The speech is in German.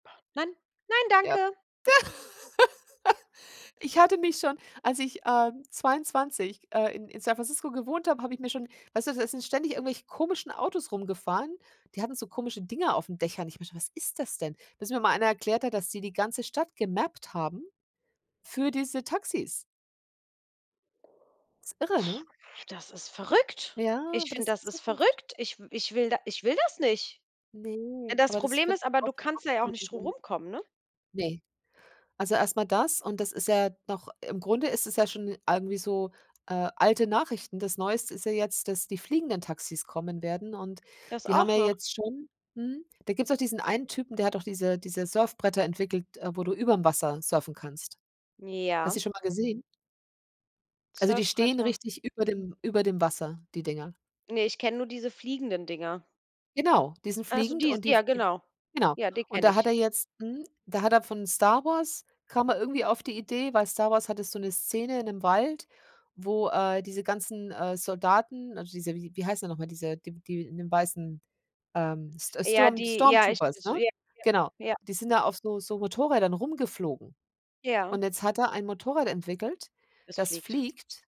Nein, nein, Ja. danke. Ich hatte mich schon als ich, ähm, 22, äh, in in San Francisco gewohnt habe, habe ich mir schon weißt du, da sind ständig irgendwelche komischen Autos rumgefahren, die hatten so komische Dinger auf 'n Dächern. Ich meinte: „Was ist das denn?“ Bis mir mal einer erklärt hat, dass die die ganze Stadt gemappt haben für diese Taxis. Ist irre, ne? Das ist verrückt. Ja, Ich aber das finde, ist die das ist Zukunft. verrückt. Ich w ich will da ich will das nicht. Äh, Ne, das aber das Problem finde ist aber, ich. du kannst da ja auch nicht drum [unintelligible] herumkommen, ne? Ne. Also erst mal das und das ist ja doch im Grunde ist es ja schon irgendwie so, äh, alte Nachrichten. Das neueste ist ja jetzt, dass die fliegenden Taxis kommen werden und Das die haben auch ja noch. jetzt schon mhm, da gibt's doch diesen einen Typen, der hat doch diese diese Surfbretter entwickelt, äh, wo du überm Wasser surfen kannst. Hast du Ja. die schon mal gesehen? Also die stehen Surfbretter. richtig über dem über dem Wasser, die Dinger. Ne, ich kenne nur diese fliegenden Dinger. Genau, die sind Ach so, fliegend die, s und die ja f die f genau. genau, Ja, die und kenne da ich. hat er jetzt mhm, da hat er von Star Wars kam er irgendwie auf die Idee, weil Star Wars hatte so 'ne Szene in 'nem Wald, wo, äh, diese ganzen, äh, Soldaten, also diese wie wie heißen die noch mal? Diese die w die in den weißen, ähm, St Ja, Sturm die ja, ich Stormtroopers ja, ne? Genau, ja, ja. die sind da auf so so Motorrädern rumgeflogen Ja. und jetzt hat er ein Motorrad entwickelt, Es das fliegt. fliegt.